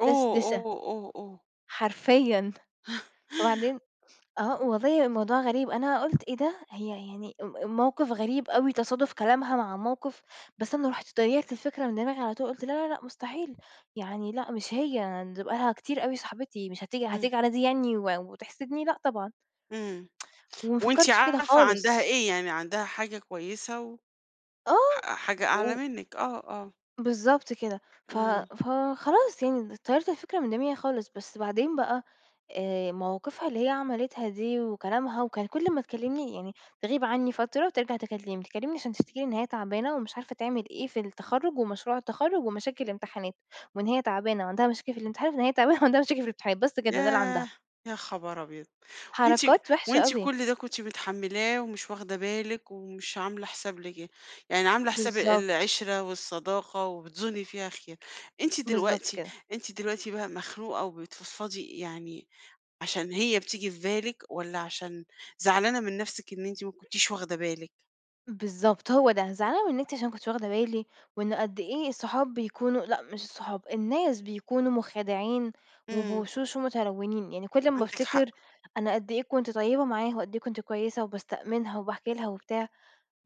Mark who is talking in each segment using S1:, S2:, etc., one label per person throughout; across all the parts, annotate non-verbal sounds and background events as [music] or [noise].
S1: أوه، أوه، أوه، أوه.
S2: حرفيًا،
S1: [laughs]
S2: وبعدين آه والله الموضوع غريب أنا قُلت إيه ده هي يعني أم الموقف غريب أوي تصادُف كلامها مع الموقف بس أنا رُحت طيّرت الفكرة من دماغي على طول وقُلت لا، لا، لأ مستحيل يعني لأ مش هي ن دي بقى لها كتير أوي صاحبتي مش هتيجي
S1: امم.
S2: هتيجي على دي يعني و وتحسدني لأ طبعًا.
S1: إمم،
S2: [tsk] وما
S1: وأنتِ
S2: فكرتش في كده
S1: عارفة عندها
S2: خالص.
S1: إيه يعني، عندها حاجة كويسة و
S2: آه،
S1: ح حاجة أعلى
S2: و
S1: منِّك، آه، آه.
S2: بالضبط كده، ف
S1: إمم.
S2: فخلاص يعني د طيّرت الفكرة من دماغي خالص بس بعدين بقى آآ، مواقفها اللي هي عملتها دي وكلامها وكانت كل ما تكلمني، يعني تغيب عنّي فترة وترجع تكلمني، تكلمني عشان تشتكي لي إن هي تعبانة ومش عارفة تعمل إيه في التخرج ومشروع التخرج ومشاكل الإمتحانات، وإن هي تعبانة وعندها مشاكل في الامتحان وإن هي تعبانة وعندها مشاكل في الامتحانات، بس كده ده اللي عندها.
S1: ياه! يا خبر أبيض! وأنتِ
S2: حركات وحشة
S1: وأنتِ
S2: أوي.
S1: كل ده كنتِ متحملاه ومش واخدة بالِك، ومش عاملة حساب لك يعني عاملة حساب
S2: بالضبط.
S1: العشرة والصداقة وبتظني فيها خير، أنتِ
S2: بالضبط
S1: دلوقتي
S2: كده.
S1: أنتِ دلوقتي بقى مخنوقة وبتفضفضي يعني عشان هي بتيجي في بالِك، والّا عشان زعلانة من نفسِك إن أنتِ ما كنتيش واخدة بالِك؟
S2: بالضبط، هو ده زعلانة وإن أنتِ عشان ما كنتش واخدة بالي، وإن قد إيه الصحاب بيكونوا لأ مش الصحاب، الناس بيكونوا مخادعين
S1: إمم.
S2: وبوشوش ومتلونين، يعني كل أمّا
S1: عندِك
S2: افتكّر
S1: حق.
S2: أنا قد إيه كنت طيبة معاها، وقد إيه كنت كويسة وباستأمنها وباحكي لها وبتاع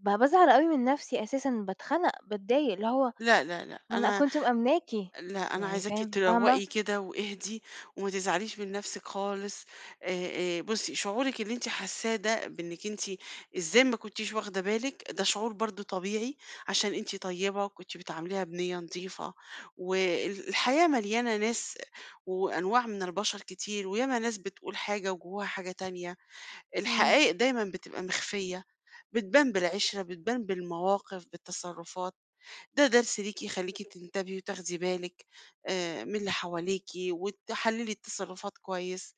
S2: ب بازعل أوي من نفسي أساسًا، باتخنق، باتضايق، اللي هو
S1: لأ، لأ، لأ،
S2: ما أنا
S1: أنا
S2: كنت مأمناكِ
S1: لأ، أنا
S2: يعني
S1: عايزاكِ
S2: فاهم فاهمة؟
S1: تروقي كده واهدي وما تزعليش من نفسِك خالص آآ، آآ، بُصّي شعورِك اللي أنتِ حاساه ده بإنِّك أنتِ إزاي ما كنتيش واخدة بالِك ده شعور برضه طبيعي، عشان أنتِ طيبة وكنتِ بتعامليها بنِية نضيفة، وال الحياة مليانة ناس وأنواع من البشر كتير وياما ناس بتقول حاجة وجواها حاجة تانية،
S2: إمم.
S1: الحقايق دايمًا بتبقى مخفية بتبان بالعِشرة، بتبان بالمواقف، بالتصرفات، ده درس ليكِ يخليكِ تنتبهي وتاخدي بالِك آآ، من اللي حواليكِ وتحلّيلي التصرفات كويس،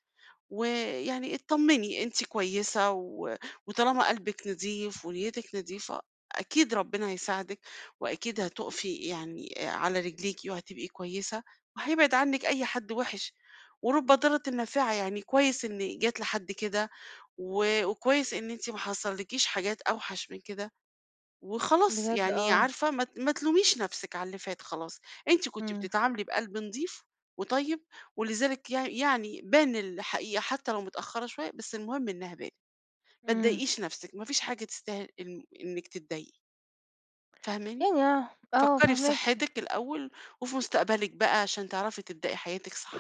S1: ويعني اتطمني، أنتِ كويسة و وطالما قلبِك نضيف ونيتِك نضيفة، أكيد ربنا هيساعدِك، وأكيد هتوقفي يعني آآ، على رجليكِ وهتبقى كويسة وهيبعد عنِّك أي حد وحش، ورُب ضارةٍ نافعة، يعني كويس إن جات لحد كده، و وكويس إن أنتِ ما حصلكيش حاجات أوحش من كده، وخلاص،
S2: بجد
S1: يعني
S2: آه.
S1: عارفة ما ت ما تلوميش نفسِك على اللي فات خلاص، أنتِ كنتِ
S2: إمم.
S1: بتتعاملي بقلب نضيف وطيب، ولذلك يع يعني بان الحقيقة حتى لو متأخرة شوية بس المهم إنها بانت، ما
S2: إمم.
S1: تضايقيش نفسِك ما فيش حاجة تستاهل إم إنِّك تتضايقي. فاهماني؟
S2: [unintelligible] آه
S1: فكّري في
S2: فاهماكِ.
S1: صحتِك الأول، وفي مستقبلِك بقى عشان تعرفي تبدئي حياتِك صح.